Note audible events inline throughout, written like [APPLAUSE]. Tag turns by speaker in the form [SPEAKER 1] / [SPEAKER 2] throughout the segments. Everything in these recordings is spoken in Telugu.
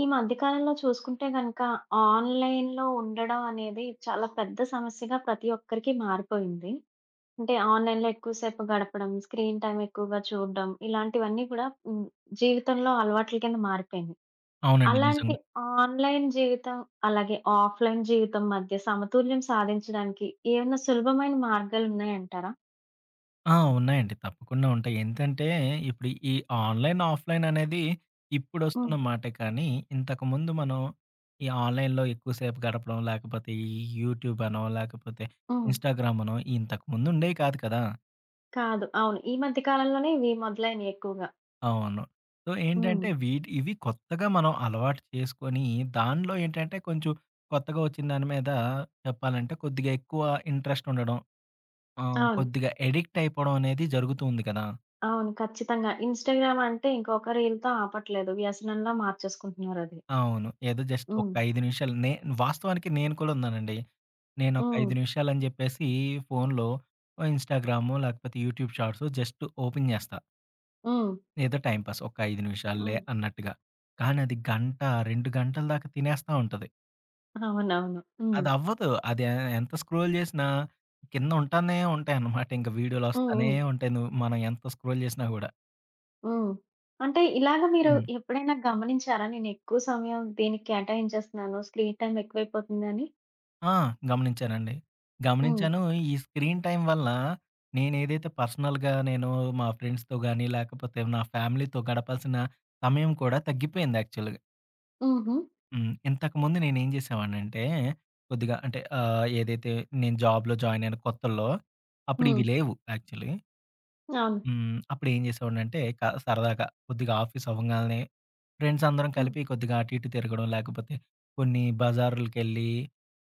[SPEAKER 1] ఈ మధ్య కాలంలో చూసుకుంటే గనుక, ఆన్‌లైన్‌లో ఉండడం అనేది, చాలా పెద్ద సమస్యగా పతి ఒక్కరికి మారిపోయింది. అంటే, ఆన్‌లైన్‌లో ఎక్కువ సేపు గడపడం, స్క్రీన్ టైమ్ ఎక్కువగా చూడడం, ఇలాంటివన్నీ కూడా హ్మ్, జీవితంలో అలవాట్ల కింద మారిపోయినియి.
[SPEAKER 2] అవునండి.
[SPEAKER 1] అలాంటి
[SPEAKER 2] నిజంగా!
[SPEAKER 1] ఆన్‌లైన్ జీవితం, అలాగే ఆఫ్‌లైన్ జీవితం మధ్య సమతుల్యం సాధించడానికి, ఏవేనా సులభమైన మార్గాలున్నాయంటారా?
[SPEAKER 2] ఆ! ఉన్నాయండి. తప్పకుండా ఉంటాయి. ఎంతంటే, ఇప్పుడు ఈ ఆన్‌లైన్, ఆఫ్‌లైన్ అనేది ఇప్పుడొస్తున్న
[SPEAKER 1] హ్మ్.
[SPEAKER 2] మాటే కానీ, ఇంతకుముందు మనం ఈ ఆన్‌లైన్‌‌‌‌‌లో ఎక్కువసేపు గడపడం, లేకపోతే ఈ యూట్యూబనో లేకపోతే
[SPEAKER 1] హ్మ్.
[SPEAKER 2] ఇన్స్టాగ్రామనో ఇంతకుముందుండేయి కాదు కదా!
[SPEAKER 1] కాదు. అవును. ఈ మధ్య కాలంలోనే ఇవి మొదలైనయి ఎక్కువగా.
[SPEAKER 2] అవును. సో,
[SPEAKER 1] హ్మ్.
[SPEAKER 2] ఏంటంటే వీటి ఇవి కొత్తగా మనం అలవాటు చేసుకొని, దాన్లో ఏంటంటే, కొంచెం కొత్తగా వొచ్చిన దాని మీద చెప్పాలంటే, కొద్దిగా ఎక్కువ ఇంట్రెస్టుండడం. ఆహ్,
[SPEAKER 1] అవును.
[SPEAKER 2] కొద్దిగా ఎడిక్టయిపోడం అనేది జరుగుతూంది కదా!
[SPEAKER 1] అవును. ఖచ్చితంగా. ఇన్స్టగ్రామ్ అంటే ఇంక ఒక రీల్‌తో ఆపట్లేదు. వ్యసనం‌లా మార్చేసుకుంటున్నారది.
[SPEAKER 2] అవును. ఏదో జస్ట్ ఒక
[SPEAKER 1] హ్మ్.
[SPEAKER 2] 5 నిమిషాలు. నే వాస్తవానికి, నేను కూడా ఉన్నానండి. నేను ఒక 5
[SPEAKER 1] హ్మ్.
[SPEAKER 2] నిమిషాలు అని చెప్పేసి, ఫోన్‌లో ఆహ్, ఇన్స్టాగ్రాము, లేకపోతే యూట్యూబ్ షాట్సు, జస్టు ఓపెన్ జేస్తా.
[SPEAKER 1] హ్మ్.
[SPEAKER 2] ఏదో టైమ్‌పాస్ ఒక 5 నిమిషాల్లే
[SPEAKER 1] హ్మ్.
[SPEAKER 2] అన్నట్టుగా. కానది గంట, 2 గంటల దాక తినేస్తా ఉంటది.
[SPEAKER 1] అవునవును. హ్మ్.
[SPEAKER 2] అది అవ్వదు. అది ఎ ఎంత స్క్రోల్ జేసినా కింద ఉంటానే ఉంటాయి అనమాట. ఇంక వీడియోలు
[SPEAKER 1] హ్మ్.
[SPEAKER 2] వస్తానే
[SPEAKER 1] హ్మ్.
[SPEAKER 2] ఉంటాయి. ను మనం ఎంత స్క్రోల్ జేసినా కూడా.
[SPEAKER 1] హ్మ్. అంటే ఇలాగ మీరు
[SPEAKER 2] హ్మ్.
[SPEAKER 1] ఎప్పుడైనా గమనించారా? నేనెక్కువ సమయం దీనికి కేటాయించేస్తున్నాను. స్క్రీన్ టైం ఎక్కువయిపోతుంది అని.
[SPEAKER 2] ఆ! గమనించానండి.
[SPEAKER 1] హ్మ్.
[SPEAKER 2] గమనించాను ఈ స్క్రీన్ టైం వల్ల నేనేదైతే పర్సనల్‌గా నేను మా ఫ్రెండ్స్‌తో గానీ లేకపోతే నా ఫ్యామిలీతో గడపాల్సిన సమయం కూడా తగ్గిపోయింది యాక్చువల్‌గా.
[SPEAKER 1] హుహు.
[SPEAKER 2] హ్మ్. ఇంతకుముందు నేనేం జేసేవాడినంటే కొద్దిగా అంటే ఆహ్, ఏదైతే నేను జాబ్‌లో జాయిన్ అయిన కొత్తల్లో అప్పుడు ఇవి
[SPEAKER 1] హ్మ్.
[SPEAKER 2] లేవు యాక్చువల్లీ.
[SPEAKER 1] ఆహ్, హ్మ్.
[SPEAKER 2] హ్మ్. అప్పుడేం జేసేవాడిని అంటే క సరదాగా కొద్దిగా ఆఫీస్ అవ్వంగాల్నే ఫ్రెండ్స్ అందరం
[SPEAKER 1] హ్మ్.
[SPEAKER 2] కలిపి కొద్దిగా అటు, ఇటు తిరగడం లేకపోతే కొన్ని బజార్లు కెళ్ళి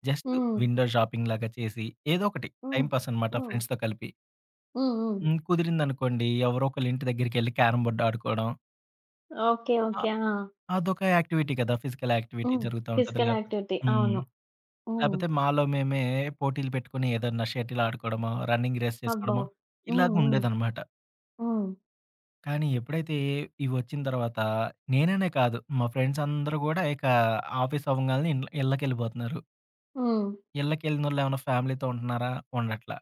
[SPEAKER 2] జస్ట్
[SPEAKER 1] హ్మ్.
[SPEAKER 2] విండో షాపింగ్ లాగా చేసి ఏదో ఒకటి
[SPEAKER 1] హ్మ్.
[SPEAKER 2] టైమ్‌పాస్ అనమాట
[SPEAKER 1] హ్మ్.
[SPEAKER 2] ఫ్రెండ్స్‌తో కలిపి.
[SPEAKER 1] హ్మ్, హ్మ్.
[SPEAKER 2] హ్మ్, కుదిరింది అనుకోండి ఎవరో ఒకళ్ళింటి దగ్గరికి ఎళ్లి క్యారమ్ బోర్డ్ ఆడుకోడం.
[SPEAKER 1] ఓకె.
[SPEAKER 2] ఆ!
[SPEAKER 1] ఓకె. ఆ!
[SPEAKER 2] అదొక యాక్టివిటీ గదా ఫిజికల్ యాక్టివిటీ
[SPEAKER 1] హ్మ్.
[SPEAKER 2] జరుగుతా ఉంటది
[SPEAKER 1] ఫిజికల్
[SPEAKER 2] లేపోతే
[SPEAKER 1] యాక్టివిటీ
[SPEAKER 2] హ్మ్.
[SPEAKER 1] అవును. హ్మ్.
[SPEAKER 2] లేపోతే మాలో మేమే పోటీలు పెట్టుకొని ఏదన్నా షటిల్ ఆడుకోవడమో రన్నింగ్ రేస్
[SPEAKER 1] అబ్బో!
[SPEAKER 2] చేసుకోవడమో
[SPEAKER 1] హుహు.
[SPEAKER 2] ఇలాగ ఉండేదన్నమాట.
[SPEAKER 1] హ్మ్.
[SPEAKER 2] కానీ ఎప్పుడైతే ఇవి వచ్చిన తర్వాత నేననే కాదు మా ఫ్రెండ్స్ అందరూ కూడా ఇక ఆఫీస్ అవ్వంగానే ఇండ్ల్ ఇళ్ళకి ఎళ్ళిపోతున్నారు.
[SPEAKER 1] హ్మ్.
[SPEAKER 2] ఇళ్ళకి ఎళ్ళినోళ్ళు ఏమైనా ఫ్యామిలీతో ఉంటనారా? ఉండట్ల.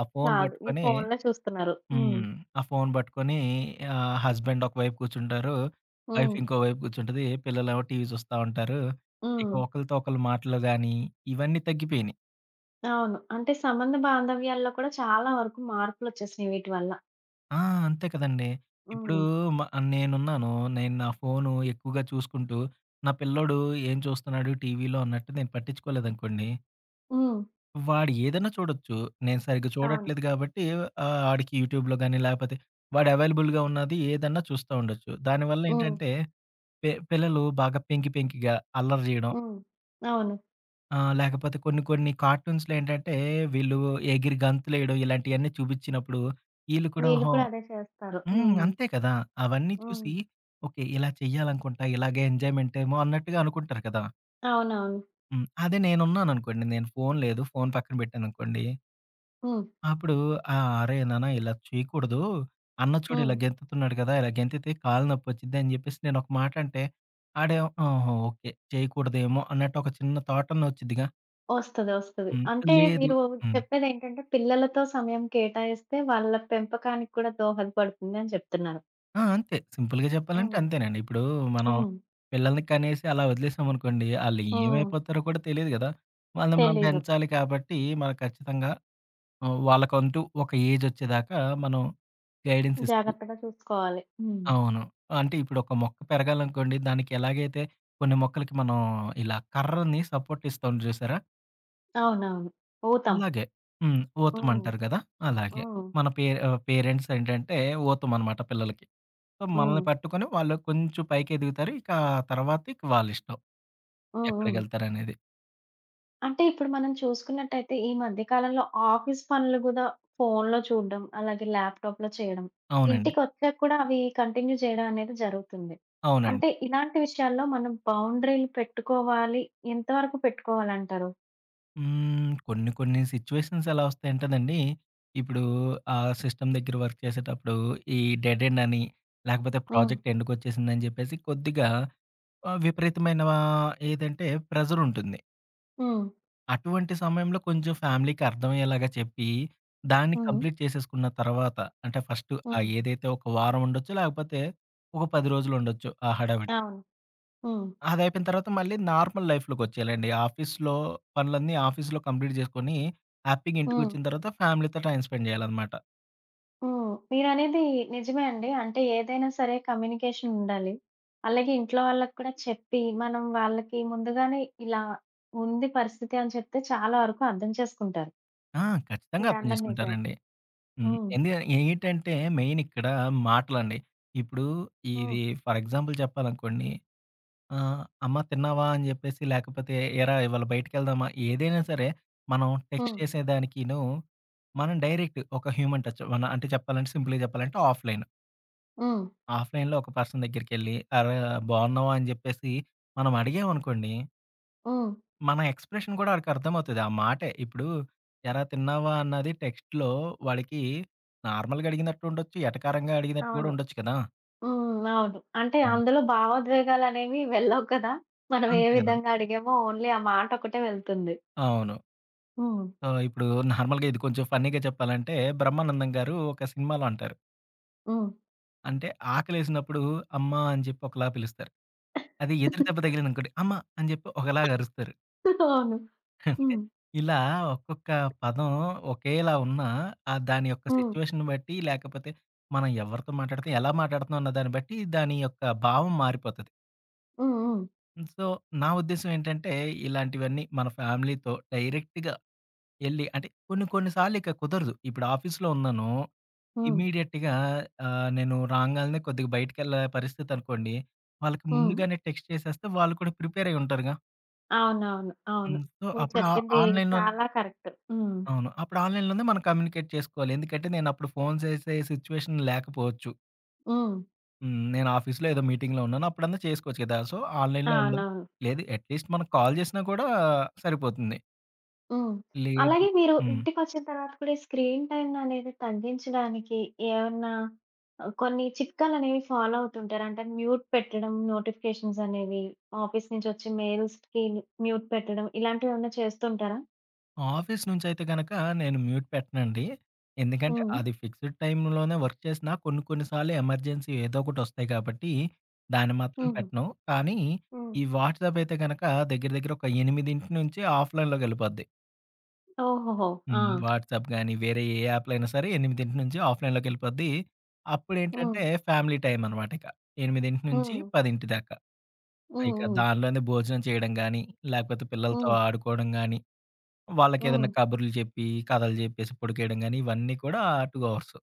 [SPEAKER 2] ఆ ఫోన్
[SPEAKER 1] కాదు. ఈ
[SPEAKER 2] బట్టుకొని
[SPEAKER 1] ఫోన్‌లో చూస్తున్నారు. హ్మ్.
[SPEAKER 2] హ్మ్. ఆ ఫోన్ బట్టుకుని ఆహ్, హస్బెండ్ ఒకవైపు కూర్చుంటారు. వైఫ్
[SPEAKER 1] హ్మ్.
[SPEAKER 2] ఇంకో వైపు కూర్చుంటది. పిల్లలు ఏమో టీవీ జూస్తా ఉంటారు. ఇక
[SPEAKER 1] హ్మ్.
[SPEAKER 2] ఒకళ్ళతో ఒకళ్ళు మాటలు గానీ ఇవన్నీ తగ్గిపోయినయి.
[SPEAKER 1] అవును. అంటే సంబంధ బాంధవ్యాల్లో కూడా చాలా వరకు మార్పులు వచ్చేసినయి వీటి వల్ల.
[SPEAKER 2] ఆ! అంతే కదండీ! ఇప్పుడు
[SPEAKER 1] హ్మ్.
[SPEAKER 2] మ నేనున్నాను. నేను నా ఫోన్ ఎక్కువగా చూసుకుంటూ నా పిల్లోడు ఏం చూస్తున్నాడు టీవీలో అన్నట్టు నేను పట్టించుకోలేదనుకోండి...
[SPEAKER 1] హ్మ్.
[SPEAKER 2] వాడు ఏదన చూడొచ్చు. నేను సరిగ్గా
[SPEAKER 1] అవును.
[SPEAKER 2] చూడట్లేదు గాబట్టి ఆహ్, ఆడికి యూట్యూబ్‌లో గాని లేపోతే, వాడు అవైలబుల్‌గా ఉన్నది ఏదన్నా చూస్తా ఉండొచ్చు. దానివల్ల
[SPEAKER 1] హ్మ్.
[SPEAKER 2] ఏంటంటే పె పిల్లలు బాగా పెంకి, పెంకిగా అల్లరి జేయడం
[SPEAKER 1] హ్మ్. అవును.
[SPEAKER 2] ఆ! లేకపోతే కొన్ని కొన్ని కార్టూన్స్‌లో ఏంటంటే, వీళ్ళు ఎగిరి గంతులు వేయడం, ఇలాంటివన్నీ చూపించినప్పుడు. వీళ్ళు కూడా
[SPEAKER 1] వీళ్ళు
[SPEAKER 2] ఓహో
[SPEAKER 1] కూడా అదే చేస్తారు.
[SPEAKER 2] హ్మ్.
[SPEAKER 1] హ్మ్.
[SPEAKER 2] అంతే కదా! అవన్నీ చూసి
[SPEAKER 1] హ్మ్.
[SPEAKER 2] ఓకే, ఇలా చేయాలనుకుంటా. ఇలాగే ఎంజాయ్మెంట్ ఏమో అన్నట్టుగా అనుకుంటారు కదా!
[SPEAKER 1] అవునవును.
[SPEAKER 2] హ్మ్. అదే నేనున్నాను అనుకోండి. నేను ఫోన్ లేదు, ఫోన్ పక్కన పెట్టాను అనుకోండి.
[SPEAKER 1] హ్మ్.
[SPEAKER 2] అప్పుడు ఆహ్, "అరేయ్! నాన్న ఇలా చేయకూడదు. అన్న చూడు ఇలా
[SPEAKER 1] హ్మ్.
[SPEAKER 2] గెంతుతున్నాడు కదా! ఇలా గెంతుతే కాళ్ళు నొప్పి వచ్చింది" అని చెప్పేసి నేను ఒక మాట అంటే. వాడేమో ఆహా! ఓకే. చేయకూడదేమో, అన్నట్టు ఒక చిన్న థాట్ అన్న వచ్చుద్దిగా.
[SPEAKER 1] వస్తది. వస్తది.
[SPEAKER 2] హ్మ్.
[SPEAKER 1] అంటే,
[SPEAKER 2] లేదు
[SPEAKER 1] మీరు
[SPEAKER 2] హ్మ్.
[SPEAKER 1] చెప్పేదేంటంటే, పిల్లలతో సమయం కేటాయిస్తే వాళ్ళ పెంపకానికి కూడా దోహద పడుతుంది అని చెప్తున్నారు.
[SPEAKER 2] ఆ! అంతే. సింపుల్‌గా చెప్పాలంటే,
[SPEAKER 1] హ్మ్.
[SPEAKER 2] అంతేనండి. ఇప్పుడు మనం
[SPEAKER 1] హ్మ్.
[SPEAKER 2] పిల్లల్ని కనేసి, అలా వదిలేసామనుకోండి. వాళ్ళు
[SPEAKER 1] హ్మ్.
[SPEAKER 2] ఏమైపోతారో కూడా తెలీదు కదా! వాళ్ళని మనం
[SPEAKER 1] తెలీదు.
[SPEAKER 2] పెంచాలి కాబట్టి, మనం ఖచ్చితంగా ఆహ్, వాళ్ళకంటూ ఒక ఏజ్ వచ్చేదాకా మనం గైడెన్స్ ఇస్తూ
[SPEAKER 1] జాగ్రత్తగా చూసుకోవాలి. హ్మ్.
[SPEAKER 2] అవును. అంటే, ఇప్పుడు ఒక మొక్క పెరగాలనుకోండి దానికి ఎలాగైతే కొన్ని మొక్కలకి మనం ఇలా కర్రని సపోర్ట్ ఇస్తాం చూసారా?
[SPEAKER 1] అవునవును. పోతాం.
[SPEAKER 2] అలాగే. హ్మ్.
[SPEAKER 1] ఓహ్!
[SPEAKER 2] ఊతమంటారు గదా! అలాగే.
[SPEAKER 1] ఓహ్!
[SPEAKER 2] మన పే ఆహ్, పేరెంట్స్ ఏంటంటే ఊతమన్నమాట పిల్లలకి. ఆహ్, మనల్ని
[SPEAKER 1] హ్మ్.
[SPEAKER 2] పట్టుకొని వాళ్ళు కొంచెం పైకెదుగుతారు ఇంక ఆ తర్వాత ఇక వాళ్ళిష్టం.
[SPEAKER 1] హ్మ్. హ్మ్.
[SPEAKER 2] ఎక్కడికెళ్తారనేది.
[SPEAKER 1] అంటే ఇప్పుడు మనం చూసుకున్నట్టైతే ఈ మధ్య కాలంలో ఆఫీస్ పనులు గూడా ఫోన్‌లో చూడ్డం అలాగే ల్యాప్‌టాప్‌లో చేయడం
[SPEAKER 2] అవునండి.
[SPEAKER 1] ఇంటికొచ్చాక కూడా అవి కంటిన్యూ చేయడమనేది జరుగుతుంది.
[SPEAKER 2] అవునండి.
[SPEAKER 1] అంటే ఇలాంటి విషయాల్లో మనం బౌండరీలు పెట్టుకోవాలి. ఎంతవరకు పెట్టుకోవాలంటారు?
[SPEAKER 2] హ్మ్. కొన్ని కొన్ని సిట్యుయేషన్స్ ఎలా వస్తాయంటేనండీ! ఇప్పుడూ ఆ సిస్టమ్ దగ్గర వర్క్ చేసేటప్పుడూ ఈ డెడ్ ఎండ్ అని లేకపోతే
[SPEAKER 1] హ్మ్.
[SPEAKER 2] ప్రాజెక్ట్ ఎండ్‌కి ఒచ్చేసిందని జెప్పేసి కొద్దిగా ఆహ్, విపరీతమైనా ఆహ్, ఏదంటే ప్రెజర్ ఉంటుంది.
[SPEAKER 1] హ్మ్.
[SPEAKER 2] అటువంటి సమయంలో కొంచెం ఫ్యామిలీకి అర్థమయ్యేలాగా చెప్పి దాన్ని
[SPEAKER 1] హ్మ్.
[SPEAKER 2] కంప్లీట్ చేసేసుకున్న తరువాత అంటే ఫస్టు ఆ
[SPEAKER 1] హ్మ్.
[SPEAKER 2] ఏదైతే ఒక వారం ఉండొచ్చు లేకపోతే ఒక 10 రోజులుండొచ్చు ఆ హడావిడి.
[SPEAKER 1] అవును. హ్మ్.
[SPEAKER 2] అదయిపోయిన తర్వాత మళ్ళీ నార్మల్ లైఫ్‌లోకొచ్చేయాలండి. ఆఫీస్‌లో పనులన్నీ ఆఫీస్‌లో కంప్లీట్ జేసుకొనీ హ్యాపీగా
[SPEAKER 1] హ్మ్.
[SPEAKER 2] ఇంటికొచ్చిన తర్వాత ఫ్యామిలీతో టైమ్ స్పెండ్ జేయాలన్నమాట.
[SPEAKER 1] హ్మ్. మీరనేది నిజమే అండి. అంటే, ఏదైనా సరే కమ్యూనికేషన్ ఉండాలి. అలాగే ఇంట్లో వాళ్ళకి కూడా చెప్పి, మనం వాళ్ళకి ముందుగానే ఇలా ఉంది పరిస్థితి అని చెప్తే చాలా వరకు అర్థం చేసుకుంటారు.
[SPEAKER 2] ఆ! ఖచ్చితంగా
[SPEAKER 1] మీరు
[SPEAKER 2] అర్థం
[SPEAKER 1] అన్నది నిజమే.
[SPEAKER 2] చేసుకుంటారండి. హ్మ్.
[SPEAKER 1] హ్మ్.
[SPEAKER 2] ఏందుక ఏంటంటే, మెయిన్ ఇక్కడ మాటలండి. ఇప్పుడు ఇది
[SPEAKER 1] హ్మ్.
[SPEAKER 2] ఫర్ ఎగ్జాంపుల్ చెప్పాలనుకోండి ఆహ్, "అమ్మ తిన్నావా" అని చెప్పేసి, లేకపోతే "ఏరా! ఇవాళ బయటికి వెళ్దామా" ఏదైనా సరే మనం టెక్స్ట్
[SPEAKER 1] హ్మ్.
[SPEAKER 2] చేసేదానికిను, మనం డైరెక్ట్ ఒక హ్యూమన్ టచ్ వన్ అంటే చెప్పాలంటే, సింపుల్‌గా చెప్పాలంటే ఆఫ్‌లైను.
[SPEAKER 1] హ్మ్.
[SPEAKER 2] ఆఫ్‌లైన్‌లో ఒక పర్సన్ దగ్గరికెళ్లి, అరె! బాగున్నావా అని చెప్పేసి మనం అడిగాం అనుకోండి.
[SPEAKER 1] హ్మ్.
[SPEAKER 2] మన ఎక్స్‌ప్రెషన్ కూడా వాడికి అర్థమవుతది. ఆ మాటే. ఇప్పుడు, ఏరా తిన్నావా? అన్నది టెక్స్ట్‌లో వాడికి నార్మల్‌గా అడిగినట్టు ఉండొచ్చు, ఎటకారంగా అడిగినట్టు కూడా
[SPEAKER 1] అవును.
[SPEAKER 2] ఉండొచ్చు కదా!
[SPEAKER 1] హ్మ్. అవును అంటే,
[SPEAKER 2] హ్మ్.
[SPEAKER 1] అందులో భావోద్వేగాలు అనేవి వెళ్ళవు కదా! మనం ఏ
[SPEAKER 2] అంతే కదా!
[SPEAKER 1] విధంగా అడిగామో, ఓన్లీ ఆ మాట ఒక్కటే వెళ్తుంది.
[SPEAKER 2] అవును.
[SPEAKER 1] హ్మ్.
[SPEAKER 2] సో, ఇప్పుడు [CHUCKLES] నార్మల్‌గా ఇది కొంచెం ఫన్నీగా చెప్పాలంటే, బ్రహ్మానందం గారు ఒక సినిమాలో అంటారు.
[SPEAKER 1] హ్మ్.
[SPEAKER 2] అంటే, ఆకలేసినప్పుడు అమ్మా! అని చెప్పి ఒకలా పిలుస్తారు. అదే ఎదురు దెబ్బ
[SPEAKER 1] [CHUCKLES]
[SPEAKER 2] తగిలిందనుకోండి, అమ్మ! అని చెప్పి ఒకలాగ అరుస్తరు.
[SPEAKER 1] అవును.
[SPEAKER 2] [SCOFFS] అంటే,
[SPEAKER 1] హ్మ్.
[SPEAKER 2] ఇలా ఒక్కొక్క పదం ఒకేలా ఉన్నా, ఆహ్, దాని యొక్క
[SPEAKER 1] హ్మ్.
[SPEAKER 2] సిట్యుయేషను బట్టి, లేకపోతే మనం ఎవ్వరితో మాట్లాడితే, ఎలా మాట్లాడుతన్నాం అన్నదాన్ని బట్టి, దాని యొక్క భావం మారిపోతది.
[SPEAKER 1] హ్మ్, హ్మ్.
[SPEAKER 2] హ్మ్. సో, నా ఉద్దేశం ఏంటంటే, ఇలాంటివన్నీ మన ఫ్యామిలీ‌తో, డైరెక్ట్‌గా యెళ్లి అంటే, కొన్ని కొన్ని సార్లిక కుదరదు, ఇప్పుడు ఆఫీస్‌లో ఉన్నానూ,
[SPEAKER 1] హ్మ్.
[SPEAKER 2] ఇమీడియట్‌గా ఆహ్, నేను రాంగాల్నే కొద్దిగ బయటికెళ్ళే పరిస్థితనుకోండి, వాళ్ళకి
[SPEAKER 1] హ్మ్.
[SPEAKER 2] ముందుగానే టెక్స్ట్ చేసేస్తే, వాళ్ళు కూడా ప్రిపేరయి ఉంటారుగా.
[SPEAKER 1] అవునవును. అవును.
[SPEAKER 2] హ్మ్. సో,
[SPEAKER 1] మీరు
[SPEAKER 2] అప్పుడు ఆహ్,
[SPEAKER 1] చెప్పింది
[SPEAKER 2] ఆన్లైన్‌లోన్
[SPEAKER 1] చాలా కరెక్టు. హ్మ్.
[SPEAKER 2] అవును. అప్పుడు ఆన్లైన్‌లోనే మన కమ్యూనికేట్ చేసుకోవాలి. ఎందుకంటే, నేనప్పుడు ఫోన్ జేసే సిట్యుయేషన్ లేకపోవచ్చు.
[SPEAKER 1] హ్మ్.
[SPEAKER 2] హ్మ్. నేనాఫీస్‌లో ఏదో మీటింగ్‌లో ఉన్నానప్పుడన్నా చేసుకోవచ్చు గదా! సో, ఆన్లైన్‌‌లో ఉండలి,
[SPEAKER 1] అవునవును.
[SPEAKER 2] లేదు అట్లీస్ట్ మనం కాల్ జేసినా కూడా సరిపోతుంది.
[SPEAKER 1] హ్మ్.
[SPEAKER 2] లేదు
[SPEAKER 1] అలాగే మీరు
[SPEAKER 2] హ్మ్.
[SPEAKER 1] ఇంటికొచ్చిన తరువాత కూడా, ఈ స్క్రీన్ టైమ్‌ననేది తగ్గించడానికి ఏమన్నా ఆహ్, కొన్ని చిట్కాలనేవి ఫాలో అవుతుంటారా? అంటే, మ్యూట్ పెట్టడం, నోటిఫికేషన్సనేవి. ఆఫీసు నుంచొచ్చే మెయిల్సిటికి మ్యూట్ పెట్టడం, ఇలాంటివేవన్నా చేస్తుంటారా?
[SPEAKER 2] ఆఫీస్ నుంచి అయితే గనుక, నేను మ్యూట్ పెట్టనండి. ఎందుకంటే
[SPEAKER 1] హ్మ్.
[SPEAKER 2] అది ఫిక్స్‌డ్ టైమ్‌లోనే వర్క్ చేసిన కొన్ని, కొన్ని సార్లు ఎమర్జెన్సీ ఏదో ఒకటి వస్తాయి గాబట్టి, దాన్ని మాత్రం
[SPEAKER 1] హుహు.
[SPEAKER 2] పెట్టను. కానీ, ఈ
[SPEAKER 1] హ్మ్.
[SPEAKER 2] వాట్సాప్ అయితే గనుక దగ్గర, దగ్గర ఒక 8:00 నుంచి ఆఫ్‌లైన్ లోకి ఎళ్ళిపోద్ది.
[SPEAKER 1] ఓహోహో! ఆ!
[SPEAKER 2] హ్మ్. వాట్సాప్ గాని వేరే ఏ యాప్‌‌లైయినా సరే, 8:00 నుంచి ఆఫ్‌లైన్‌లోకి ఎళ్ళిపోద్ది. అప్పుడేంటంటే,
[SPEAKER 1] ఓహ్!
[SPEAKER 2] ఫ్యామిలీ టైం అన్నమాట ఇక. 8:00 నుంచి
[SPEAKER 1] హ్మ్.
[SPEAKER 2] 10:00 దాకా.
[SPEAKER 1] హ్మ్,
[SPEAKER 2] ఇక
[SPEAKER 1] హ్మ్.
[SPEAKER 2] దాన్లోనే భోజనం జేయడం గాని, లేపోతే పిల్లలతో
[SPEAKER 1] హ్మ్.
[SPEAKER 2] ఆడుకోవడం గాని, వాళ్ళకి ఏదైనా
[SPEAKER 1] హ్మ్.
[SPEAKER 2] కబుర్లు జెప్పి, కథలు జెప్పేసి పడికేయడం గాని ఇవన్నీ కూడా 2 ఆవర్సు.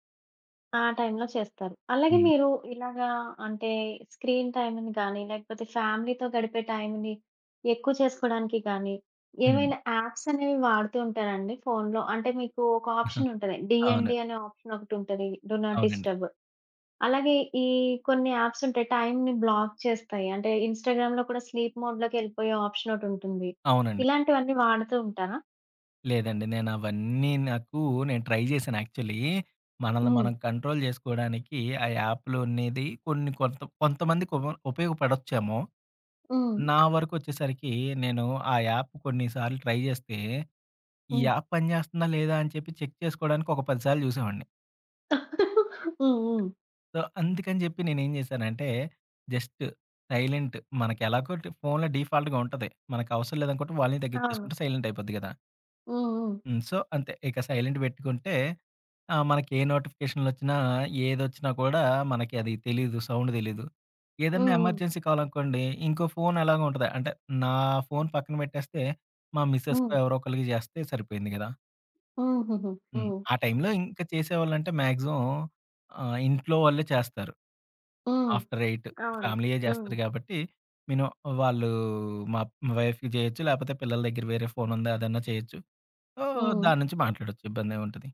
[SPEAKER 1] ఆ టైంలో చే‌స్తారు. అలాగే
[SPEAKER 2] హ్మ్.
[SPEAKER 1] మీరు ఇలాగ అంటే స్క్రీన్ టైంని గాని, లేకపోతే ఫ్యామిలీతో గడిపే టైంని ఎక్కువ చేసుకోవడానికి గాని,
[SPEAKER 2] హ్మ్.
[SPEAKER 1] ఏమైనా ఆప్స్ అనేవి వాడుతూ ఉంటారండి ఫోన్‌లో. అంటే మీకు, ఒక
[SPEAKER 2] [CHUCKLES]
[SPEAKER 1] ఆప్షన్ ఉంటది.
[SPEAKER 2] అవును.
[SPEAKER 1] డీఎన్‌డి అనే ఆప్షన్ ఒకటుంటది. డు నాట్
[SPEAKER 2] అవునండి.
[SPEAKER 1] డిస్టర్బ్. అలాగే, ఈ కొన్ని ఆప్స్ ఉంటాయి టైంని బ్లాక్ చేస్తాయి. అంటే, ఇన్‌స్టా‌గ్రామ్‌లో కూడా స్లీప్ మోడ్ లోకి ఎళ్ళిపోయే ఆప్షన్ ఒకటుంటుంది.
[SPEAKER 2] అవునండి.
[SPEAKER 1] ఇలాంటివన్నీ వాడుతూ ఉంటారా?
[SPEAKER 2] లేదండి. నేనవన్నీ నాకు నేను ట్రై జేశాను, యాక్చువల్లీ మనల్ని
[SPEAKER 1] ఓహ్!
[SPEAKER 2] మనం కంట్రోల్ జేసుకోడానికి, ఆ యాప్‌లున్నేది కొన్ని కొంత కొంతమందికి ఉప ఉపయోగపడొచ్చేమో.
[SPEAKER 1] ఓహ్!
[SPEAKER 2] నా వరకొచ్చేసరికీ, నేను ఆ యాప్ కొన్నిసార్లు ట్రై జేస్తే, ఈ
[SPEAKER 1] హ్మ్.
[SPEAKER 2] యాప్ పనిచేస్తుందా, లేదా, అని చెప్పి చెక్ చేసుకోడానికి ఒక పది సార్లు చూసేవాడిని.
[SPEAKER 1] [CHUCKLES] హ్మ్. హ్మ్.
[SPEAKER 2] సో, అందుకని జెప్పి నేనేం జేశానంటే, జస్టు, టైలెంటు మనకెలాగో డీఫ్ ఫోన్‌లో డిఫాల్ట్‌గా ఉంటది, మనకవసరం లేదనుకుంటే వాల్యూమ్
[SPEAKER 1] అవును.
[SPEAKER 2] తగ్గిచ్చేసుకుంటే, సైలెంటైపోద్ది గదా!
[SPEAKER 1] ఓహ్! ఓహ్!
[SPEAKER 2] హ్మ్. సో, అంతే, ఇక సైలెంటు బెట్టుకుంటే ఆహ్, మనకే నోటిఫికేషన్‌లొచ్చినా, ఏదొచ్చినా కూడా, మనకి అది తెలీదు, సౌండు దెలీదు.
[SPEAKER 1] హ్మ్.
[SPEAKER 2] ఏదన్నా
[SPEAKER 1] హ్మ్.
[SPEAKER 2] ఎమర్జెన్సీ కాలనుకోండి, ఇంకో ఫోనెలాగో ఉంటద. అంటే, నా ఫోన్ పక్కన పెట్టేస్తే, మా మిసెస్‌కో
[SPEAKER 1] హ్మ్.
[SPEAKER 2] ఎవరోకళ్ళకి జేస్తే సరిపోయింది గదా!
[SPEAKER 1] హూహూహూ.
[SPEAKER 2] హ్మ్.
[SPEAKER 1] హ్మ్.
[SPEAKER 2] ఆ టైంలో ఇంక చేసేవాళ్ళంటే, మాక్సిమం ఆహ్, ఇంట్లో వాళ్ళే చేస్తారు.
[SPEAKER 1] ఆ!
[SPEAKER 2] ఆఫ్టర్ 8:00
[SPEAKER 1] అవును.
[SPEAKER 2] ఫ్యామిలీ యే
[SPEAKER 1] హ్మ్.
[SPEAKER 2] జేస్తారు గాబట్టి, మినిమమ్ వాళ్ళు మా మా వైఫ్‌కి జేయొచ్చు, లేపోతే పిల్లల దెగ్గర వేరే ఫోనుంది, అదన్నా చేయొచ్చు. ఓహ్,
[SPEAKER 1] హ్మ్.
[SPEAKER 2] దాన్నుంచి మాట్లాడొచ్చు, ఇబ్బందేం ఉంటది!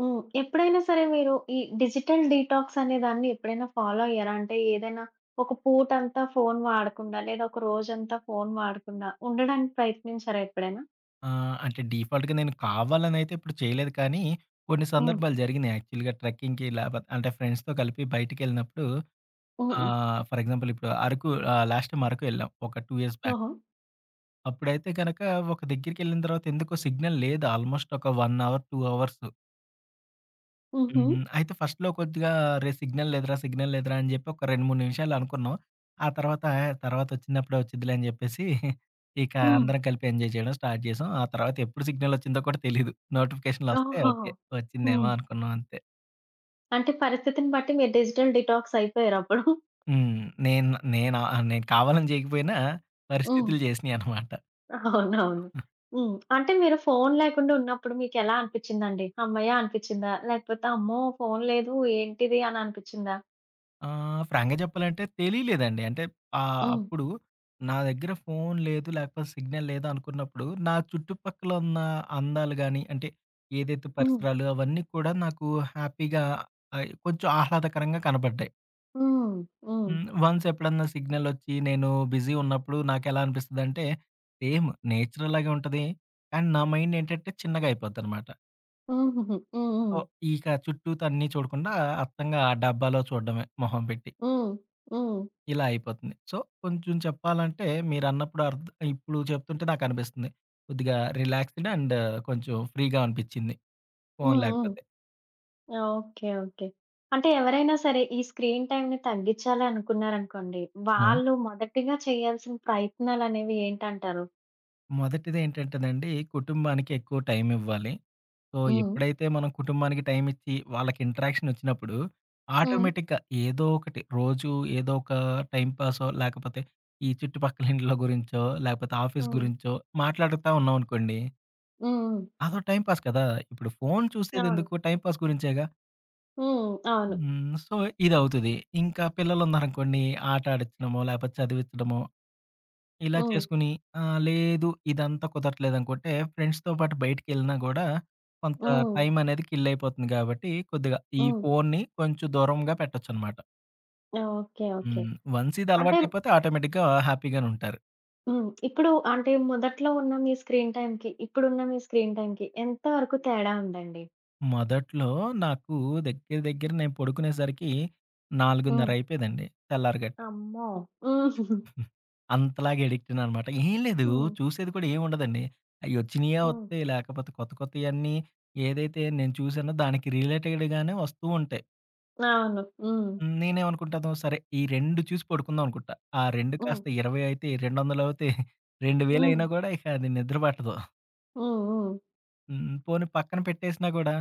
[SPEAKER 1] హ్మ్. ఎప్పుడైనా సరే మీరు ఈ డిజిటల్ డీటాక్స్ అనే దాన్ని ఎప్పుడైనా ఫాలో అయ్యారా? అంటే ఏదైనా ఒక పూట అంతా, ఫోన్ వాడకుండా లేదా ఒక రోజంతా ఫోన్ వాడకుండా ఉండడానికి ప్రయత్నించారా ఎప్పుడైనా?
[SPEAKER 2] ఆ! అంటే డిఫాల్ట్‌గా నేను కావాలని అయితే ఇప్పుడు చేయలేదు కానీ కొన్ని
[SPEAKER 1] హ్మ్.
[SPEAKER 2] సందర్భాలు జరిగినియి యాక్చువల్‌గా ట్రెక్కింగ్‌కి లేపోతే అంటే ఫ్రెండ్స్‌తో కలిపి బయటకి ఎళ్ళినప్పుడు
[SPEAKER 1] హ్మ్.
[SPEAKER 2] ఆహ్, ఫర్ ఎగ్జాంపుల్ ఇప్పుడు అరకు ఆహ్, లాస్ట్ టైమ్ అరకు వెళ్ళాం ఒక 2 బాక్.
[SPEAKER 1] ఓహో!
[SPEAKER 2] అప్పుడైతే గనుక ఒక దగ్గరికి ఎళ్ళిన తర్వాత ఎందుకొ సిగ్నల్ లేదు ఆల్మోస్ట్ ఒక 1 హౌర్ 2 హౌర్సు.
[SPEAKER 1] హుహు.
[SPEAKER 2] హ్మ్. అయితే ఫస్ట్‌లో కొద్దిగా అరే! సిగ్నల్ లేదురా, సిగ్నల్ లేదురా! అని జెప్పి ఒక 2, 3 నిమిషాలు అనుకున్నాం. ఆ తర్వాత ఆ తర్వాత వచ్చినప్పుడే వచ్చుద్దిలే! అని జెప్పేసి [CHUCKLES] ఇక
[SPEAKER 1] హ్మ్.
[SPEAKER 2] అందరం కలిపి ఎంజాయ్ జేయడం స్టార్ట్ జేసాం. ఆ తర్వాత ఎప్పుడు సిగ్నల్ ఒచ్చిందో కూడా తెలీదు నోటిఫికేషన్‌లు వస్తే
[SPEAKER 1] ఓహో!
[SPEAKER 2] ఓకే వచ్చిందేమో
[SPEAKER 1] హ్మ్.
[SPEAKER 2] అనుకున్నాం అంతే.
[SPEAKER 1] అంటే పరిస్థితిని బట్టి మీరు డిజిటల్ డీటాక్స్ అయిపోయారప్పుడు. [CHUCKLES]
[SPEAKER 2] హ్మ్. నేను నేను ఆ! నేను కావాలని జేయకపోయినా
[SPEAKER 1] హ్మ్.
[SPEAKER 2] పరిస్థితులు జేసినియి అనమాట.
[SPEAKER 1] [CHUCKLES] అవునువును.
[SPEAKER 2] [CHUCKLES]
[SPEAKER 1] హ్మ్. అంటే మీరు ఫోన్ లేకుండా ఉన్నప్పుడు మీకెలా అనిపించింది అండి? హమ్మయ్య అనిపించిందా? లేకపోతే అమ్మో! ఫోన్ లేదు ఏంటిది అని అనిపించిందా?
[SPEAKER 2] ఆ ఫ్రాంక్‌గా జెప్పాలంటే తెలీలేదండి. అంటే ఆహ్,
[SPEAKER 1] హ్మ్.
[SPEAKER 2] అప్పుడు నా దగ్గర ఫోన్ లేదు, లేపోతే సిగ్నల్ లేదు అనుకున్నప్పుడు నా చుట్టుపక్కల ఉన్న అందాలు గాని, అంటే ఏదైతే
[SPEAKER 1] హ్మ్.
[SPEAKER 2] పరిసరాలు అవన్నీ కూడా నాకు హ్యాపీగా అయి కొంచెం ఆహ్లాదకరంగా కనబడ్డాయి.
[SPEAKER 1] హ్మ్. హ్మ్.
[SPEAKER 2] హ్మ్. వన్స్ ఎప్పుడన్నా సిగ్నలొచ్చి, నేను బిజీ ఉన్నప్పుడు నాకెలా అనిపిస్తది అంటే, సేమ్ నేచర్ అలాగే ఉంటది, అండ్ నా మైండ్ ఏంటంటే చిన్నగా అయిపోద్ది అన్నమాట.
[SPEAKER 1] హుహుహు. హ్మ్,
[SPEAKER 2] ఒ
[SPEAKER 1] హ్మ్.
[SPEAKER 2] ఇక చుట్టూతా అన్ని చూడకుండా, అత్తంగ ఆ డబ్బాలో చూడడమే మొహం పెట్టి.
[SPEAKER 1] హ్మ్. హ్మ్.
[SPEAKER 2] ఇలా అయిపోతుంది. సో, కొంచెం చెప్పాలంటే మీరన్నప్పుడు అర్డ్ ఇప్పుడు చెప్తుంటే నాకనిపిస్తుంది. కొద్దిగా రిలాక్సేడ్ అండ్, కొంచెం ఫ్రీ‌‌గా అనిపించింది ఫోన్
[SPEAKER 1] హ్మ్, హ్మ్.
[SPEAKER 2] లేకపోతే.
[SPEAKER 1] Okay, okay. అంటే ఎవరైనా సరే ఈ స్క్రీన్ టైంని తగ్గించాలి అనుకున్నారు అనుకోండి,
[SPEAKER 2] హ్మ్.
[SPEAKER 1] వాళ్ళు మొదటిగా చేయాల్సిన ప్రయత్నాలనేవి ఏంటంటారు?
[SPEAKER 2] మొదటిది ఏంటంటేనండి, కుటుంబానికి ఎక్కువ టైం ఇవ్వాలి. సో,
[SPEAKER 1] హ్మ్.
[SPEAKER 2] ఎప్పుడైతే మనం కుటుంబానికి టైం ఇచ్చి వాళ్ళకి ఇంటరాక్షన్ వచ్చినప్పుడు,
[SPEAKER 1] హ్మ్.
[SPEAKER 2] ఆటోమేటిక్‌గా ఏదో ఒకటి రోజు, ఏదో ఒక టైంపాసో లేకపోతే ఈ చుట్టుపక్కల ఇండ్ల గురించో, లేకపోతే ఆఫీస్
[SPEAKER 1] హ్మ్.
[SPEAKER 2] గురించో మాట్లాడతా ఉన్నాం అనుకోండి
[SPEAKER 1] హ్మ్, హ్మ్.
[SPEAKER 2] అదో టైంపాస్ కదా! ఇప్పుడు ఫోన్ చూసేది
[SPEAKER 1] అవును.
[SPEAKER 2] ఎందుకు? టైంపాస్ గురించే‌గా.
[SPEAKER 1] హ్మ్. అవును.
[SPEAKER 2] హ్మ్. సో, ఇదవుతది. ఇంకా పిల్లలున్నారనుకోండీ, ఆట ఆడిచ్చడమో, లేపోతే చదివిచ్చడమో ఇలా
[SPEAKER 1] హ్మ్.
[SPEAKER 2] చేసుకొని ఆహ్, లేదు ఇదంతా కుదరట్లేదనుకుంటే, ఫ్రెండ్స్‌తో పాటు బయటికెళ్ళినా గూడా, కొంత
[SPEAKER 1] హ్మ్.
[SPEAKER 2] టైమనేది కిల్ అయిపోతుంది గాబట్టి, కొద్దిగా ఈ
[SPEAKER 1] హ్మ్.
[SPEAKER 2] ఫోన్‌ని కొంచెం దూరంగా పెట్టొచ్చనమాట.
[SPEAKER 1] ఓకే. ఓకే.
[SPEAKER 2] హ్మ్. వన్సిది
[SPEAKER 1] అంటే
[SPEAKER 2] అలవాటయిపోతే ఆటోమేటిక్‌గా హ్యాపీ‌గానుంటారు.
[SPEAKER 1] హ్మ్. ఇప్పుడు అంటే మొదట్లో ఉన్న మీ స్క్రీన్ టైమ్‌కి, ఇప్పుడున్న మీ స్క్రీన్ టైమ్‌కి ఎంత వరకు తేడా ఉందండి?
[SPEAKER 2] మొదట్లో నాకు దగ్గర, దగ్గర నేను పడుకునేసరికి
[SPEAKER 1] ఓహ్!
[SPEAKER 2] నాలుగున్నరయిపోయేదండి తెల్లారి గట్ట.
[SPEAKER 1] అమ్మో! [CHUCKLES]
[SPEAKER 2] [GIGGLES] అంతలాగా అడిక్టయ్యానన్నమాట. ఏం లేదు
[SPEAKER 1] హ్మ్.
[SPEAKER 2] చూసేది కూడా ఏమి ఉండదండి. అయ్యోచ్చినయే
[SPEAKER 1] హ్మ్.
[SPEAKER 2] వత్తాయి. లేకపోతే కొత్త కొత్తయన్ని ఏదైతే నేను చూసానో దానికి రిలేటెడ్ గానే వస్తూ ఉంటాయి.
[SPEAKER 1] అవును. హ్మ్.
[SPEAKER 2] హ్మ్. నేనేవనుకుంటాను? సరే, ఈ 2 చూసి పడుకుందాం అనుకుట్టా. ఆ 2
[SPEAKER 1] హ్మ్.
[SPEAKER 2] కాస్త 20 అయితయి, రెండొందలవుతాయి, [CHUCKLES] రెండు
[SPEAKER 1] హ్మ్.
[SPEAKER 2] వేలయినా గూడా ఇక అది నిద్ర పట్టదు.
[SPEAKER 1] హ్మ్, హ్మ్.
[SPEAKER 2] హ్మ్. పోనీ పక్కన పెట్టేసినా గూడా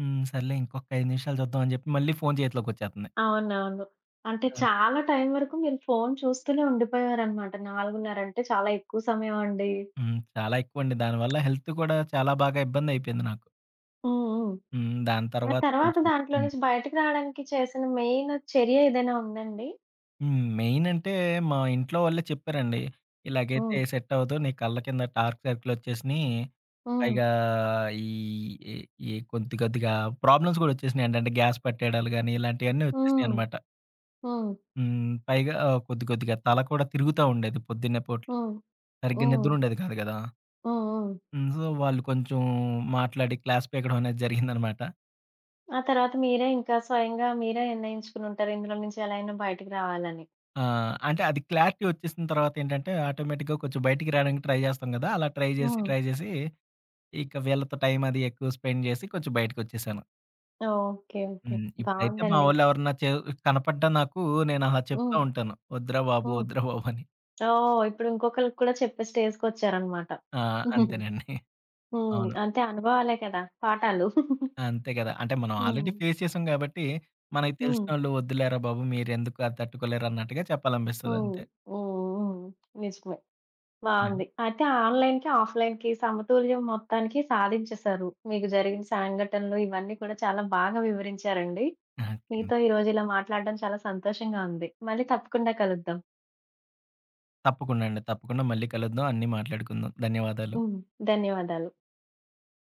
[SPEAKER 2] హ్మ్. సర్లే ఇంకొక 5 నిమిషాలు చూద్దామని చెప్పి మళ్ళీ ఫోన్ చేతిలోకొచ్చేత్తుంది.
[SPEAKER 1] అవునవును. అంటే
[SPEAKER 2] అది
[SPEAKER 1] చాలా టైమ్ వరకు మీరు ఫోన్ చూస్తూనే ఉండిపోయారనమాట. నాలుగున్నరంటే చాలా ఎక్కువ సమయం అండి.
[SPEAKER 2] హ్మ్. చాలా ఎక్కువండి. దానివల్ల హెల్త్ కూడా చాలా బాగా ఇబ్బందయిపోయింది నాకు.
[SPEAKER 1] ఓహో!
[SPEAKER 2] హ్మ్. దాని
[SPEAKER 1] మరి
[SPEAKER 2] తర్వాత
[SPEAKER 1] తరువాత
[SPEAKER 2] కొంచెం
[SPEAKER 1] దాంట్లో
[SPEAKER 2] హ్మ్.
[SPEAKER 1] నుంచి బయటకి రాడానికి చేసిన మెయిన్ చర్య ఏదైనా ఉందా అండి?
[SPEAKER 2] హ్మ్. మెయిన్ అంటే మా ఇంట్లో వాళ్ళే చెప్పారండి. ఇలాగైతే
[SPEAKER 1] హ్మ్.
[SPEAKER 2] సెట్ అవ‌దు నీ కళ్ళ కింద డార్క్ సర్కిల్ వచ్చేసినాయి.
[SPEAKER 1] హ్మ్.
[SPEAKER 2] పైగా ఈ ఈ ఈ కొద్ది కొద్దిగా ప్రాబ్లమ్స్ కూడా వచ్చేసినాయంటండి గ్యాస్ పట్టేయడాలు గాని ఇలాంటివన్నీ వచ్చేసినాయి
[SPEAKER 1] హ్మ్.
[SPEAKER 2] అన్నమాట.
[SPEAKER 1] హ్మ్.
[SPEAKER 2] హ్మ్. పైగా కొద్దికొద్దిగా తల కూడా తిరుగుతా ఉండేది పొద్దున్నే పూట్ల
[SPEAKER 1] హ్మ్.
[SPEAKER 2] సరిగ్గా నిద్ర
[SPEAKER 1] హ్మ్.
[SPEAKER 2] ఉండేది కాదు గదా.
[SPEAKER 1] హ్మ్. హ్మ్.
[SPEAKER 2] హ్మ్. సో వాళ్ళు కొంచెం మాట్లాడి క్లాస్ పీకడం అనేది జరిగింది [CHUCKLES] అనమాట.
[SPEAKER 1] ఆ తరువాత మీరే ఇంక స్వయంగా మీరే నిర్ణయించుకొని ఉంటారు. ఇందులో నుంచి ఎలా అయినా బయటకి రావాలని.
[SPEAKER 2] ఆ! అంటే అది క్లారిటీ వచ్చేసిన తర్వాత ఏంటంటే ఆటోమేటిక్‌గా కొంచెం బయటికి రావడానికి ట్రై చేస్తాం గదా, అలా ట్రై చేసి,
[SPEAKER 1] హ్మ్.
[SPEAKER 2] ట్రై చేసి ఇక వీళ్ళతో టైం అది ఎక్కువ స్పెండ్ చేసి కొంచెం బయటకి వచ్చేసాను.
[SPEAKER 1] Okay, okay.
[SPEAKER 2] హ్మ్. ఇప్పుడైతే మా
[SPEAKER 1] బావుందండి.
[SPEAKER 2] వాళ్ళు ఎవరనా చేవు కనపడ్డా నాకు నేను ఆహ్, చెప్తా
[SPEAKER 1] హ్మ్.
[SPEAKER 2] ఉంటాను "వద్దురా బాబు!
[SPEAKER 1] హ్మ్.
[SPEAKER 2] వద్దురా బాబు!" అని.
[SPEAKER 1] ఓహ్! ఇప్పుడు ఇంకొకలికి కూడా చెప్పే స్టేజ్‌కొచ్చారు అనమాట
[SPEAKER 2] ఆ!
[SPEAKER 1] [GIGGLES]
[SPEAKER 2] అంతేనండి, [CHUCKLES]
[SPEAKER 1] హ్మ్.
[SPEAKER 2] అవును.
[SPEAKER 1] అంతే [CHUCKLES] అనుభవాలే కదా! పాఠాలు. [GIGGLES]
[SPEAKER 2] అంతే గదా! అంటే మనం ఆల్రెడీ
[SPEAKER 1] హ్మ్.
[SPEAKER 2] ఫేస్ చేసాం కాబట్టి మనకు
[SPEAKER 1] హ్మ్.
[SPEAKER 2] తెలిసినోళ్ళు "వద్దులేరా బాబు! మీరు ఎందుకు అది తట్టుకోలేరు" అన్నట్టుగా చెప్పాలనిపిస్తది
[SPEAKER 1] హ్మ్.
[SPEAKER 2] అంతే.
[SPEAKER 1] హుహు. హ్మ్. నిజమే,
[SPEAKER 2] యాహ్!
[SPEAKER 1] బావుంది. అయితే ఆన్‌లైన్‌కి, ఆఫ్‌లైన్‌కి సమతుల్యం మొత్తానికి సాధించేసారు. మీకు జరిగిన సంఘటనలు ఇవన్నీ కూడా చాలా బాగా వివరించారండి.
[SPEAKER 2] అహా, కెమ్
[SPEAKER 1] మీతో ఈరోజు ఇలా మాట్లాడటం చాలా సంతోషంగా ఉంది మళ్ళి తప్పకుండా కలుద్దాం.
[SPEAKER 2] తప్పకుండా అండి. తప్పకుండా మళ్ళి కలుద్దాం, అన్నీ మాట్లాడుకుందాం ధన్యవాదాలు.
[SPEAKER 1] హ్మ్. ధన్యవాదాలు.